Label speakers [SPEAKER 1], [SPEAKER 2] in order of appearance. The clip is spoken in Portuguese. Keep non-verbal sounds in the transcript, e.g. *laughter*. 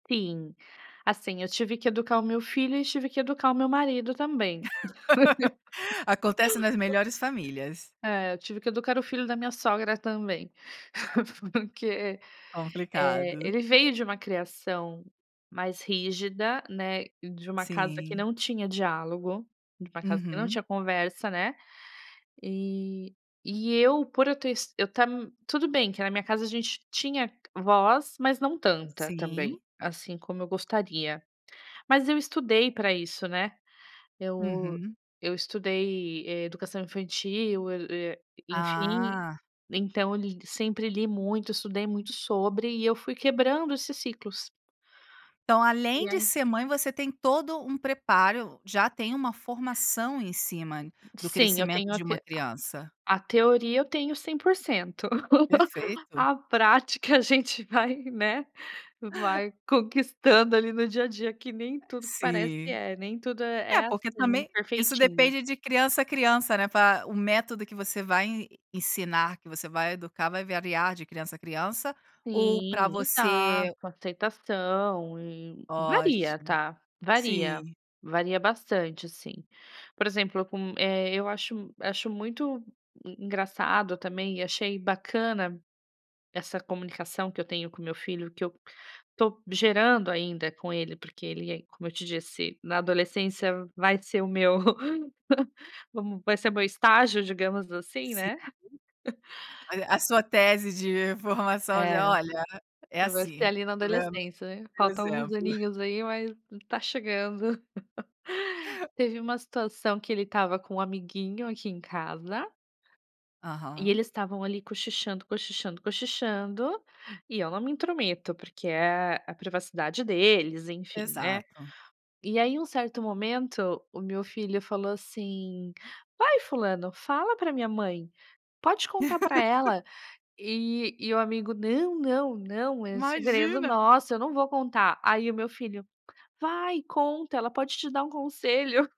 [SPEAKER 1] Sim. Assim, eu tive que educar o meu filho e tive que educar o meu marido também.
[SPEAKER 2] *laughs* Acontece nas melhores
[SPEAKER 1] *laughs*
[SPEAKER 2] famílias.
[SPEAKER 1] É, eu tive que educar o filho da minha sogra também. Porque, eh,
[SPEAKER 2] Complicado.
[SPEAKER 1] ele veio de uma criação mais rígida, né, de uma casa que
[SPEAKER 2] Sim.
[SPEAKER 1] não tinha diálogo, de uma casa que não
[SPEAKER 2] Uhum.
[SPEAKER 1] tinha conversa, né. E e eu por eu ter es eu estar tudo bem que na minha casa a gente tinha voz, mas não tanta também,
[SPEAKER 2] Sim.
[SPEAKER 1] assim como eu gostaria. Mas eu estudei pra isso, né. Eu
[SPEAKER 2] Uhum.
[SPEAKER 1] eu estudei educação infantil, eu, eh, enfim,
[SPEAKER 2] Ah.
[SPEAKER 1] então eu li sempre li muito, estudei muito sobre e eu fui quebrando esses ciclos.
[SPEAKER 2] Então além
[SPEAKER 1] E
[SPEAKER 2] de
[SPEAKER 1] é
[SPEAKER 2] ser mãe você tem todo um preparo, já tem uma formação em cima do
[SPEAKER 1] Sim, eu
[SPEAKER 2] crescimento
[SPEAKER 1] tenho a
[SPEAKER 2] de um
[SPEAKER 1] te
[SPEAKER 2] criança?
[SPEAKER 1] a teoria eu tenho 100%. *laughs*
[SPEAKER 2] Perfeito.
[SPEAKER 1] A prática a gente vai, né, vai conquistando ali no dia a dia, que nem tudo que parece
[SPEAKER 2] Sim.
[SPEAKER 1] é. Nem tudo
[SPEAKER 2] É,
[SPEAKER 1] é é
[SPEAKER 2] porque
[SPEAKER 1] assim,
[SPEAKER 2] também isso
[SPEAKER 1] perfeitinho.
[SPEAKER 2] depende de criança a criança, né, pra o método que você vai en ensinar, que você vai educar, vai variar de criança a criança, ou pra
[SPEAKER 1] Sim,
[SPEAKER 2] você
[SPEAKER 1] exato, aceitação e varia,
[SPEAKER 2] Ótimo.
[SPEAKER 1] tá, varia,
[SPEAKER 2] Sim.
[SPEAKER 1] varia bastante, assim. Por exemplo com, eh, eu acho m acho muito e engraçado também e achei bacana essa comunicação que eu tenho com o meu filho, que eu tô gerando ainda com ele, porque ele, como eu te disse, na adolescência vai ser o meu *laughs* vamos vai ser meu estágio, digamos assim,
[SPEAKER 2] Sim.
[SPEAKER 1] né. *chuckles*
[SPEAKER 2] Mas é a sua tese de formação de:
[SPEAKER 1] É.
[SPEAKER 2] "Olha, é
[SPEAKER 1] Eu acho que é
[SPEAKER 2] assim.
[SPEAKER 1] ali na
[SPEAKER 2] Tá vendo?"
[SPEAKER 1] adolescência, né.
[SPEAKER 2] Deu
[SPEAKER 1] Falta alguns
[SPEAKER 2] exemplo.
[SPEAKER 1] aninhos aí, mas tá chegando. *laughs* Teve uma situação que ele estava com um amiguinho aqui em casa E
[SPEAKER 2] Aham.
[SPEAKER 1] eles estavam ali cochichando, cochichando, cochichando, e eu não me intrometo, porque é a privacidade deles, enfim, né.
[SPEAKER 2] Exato.
[SPEAKER 1] E aí em um certo momento, o meu filho falou assim: "Vai fulano, fala pra minha mãe, pode contar pra
[SPEAKER 2] *laughs*
[SPEAKER 1] ela". E e o amigo: "Não, não, não, é segredo
[SPEAKER 2] Imagina!
[SPEAKER 1] nosso, eu não vou contar". Aí o meu filho: "Vai, conta! Ela pode te dar um conselho!"